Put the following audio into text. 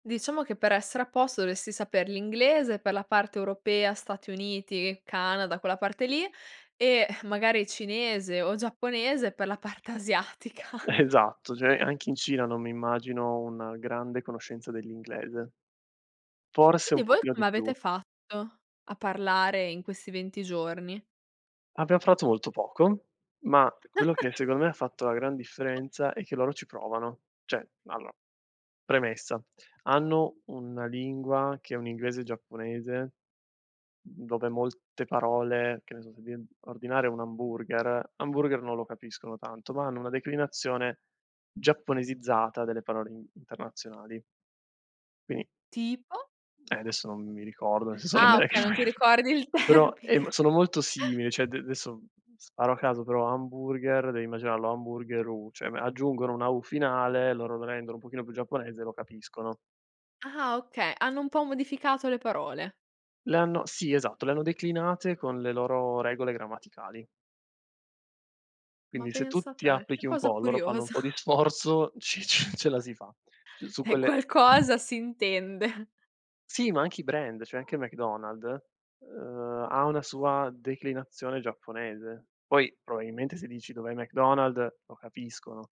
Diciamo che per essere a posto dovresti saper l'inglese, per la parte europea, Stati Uniti, Canada, quella parte lì, ehm, magari cinese o giapponese per la parte asiatica. Esatto, cioè anche in Cina non mi immagino una grande conoscenza dell'inglese. Forse un Quindi, voi pochino come di avete più. fatto a parlare in questi 20 giorni? Abbiamo parlato molto poco, ma quello che secondo me ha fatto la gran differenza è che loro ci provano. Cioè, allora, premessa, hanno una lingua che è un inglese giapponese, dove molte parole che ne so, se devi ordinare un hamburger hamburger non lo capiscono tanto, ma hanno una declinazione giapponesizzata delle parole in internazionali. Quindi Tipo? Eh, adesso non mi ricordo, nel senso [unintelligible] Ah okay, non ti ricordi il però, termine. uhm, sono molto simili, cioè ad d adesso, sparo a caso, però, hamburger, devi immaginarlo hamburgeru, cioè aggiungono una "U" finale, loro lo rendono un pochino più giapponese e lo capiscono. Ah okay, hanno un po' modificato le parole. Le hanno sì esatto, le hanno declinate con le loro regole grammaticali. Ma Quindi, se tu pensa ti te, che applichi un cosa po', loro fanno un curiosa. po' di sforzo, ci ce ce la si fa c su Eh, quelle qualcosa si intende. Sì, ma anche i brand, cioè anche McDonald's, uhm, ha una sua declinazione giapponese. Poi probabilmente, se dici: "Dov'è McDonald's", lo capiscono.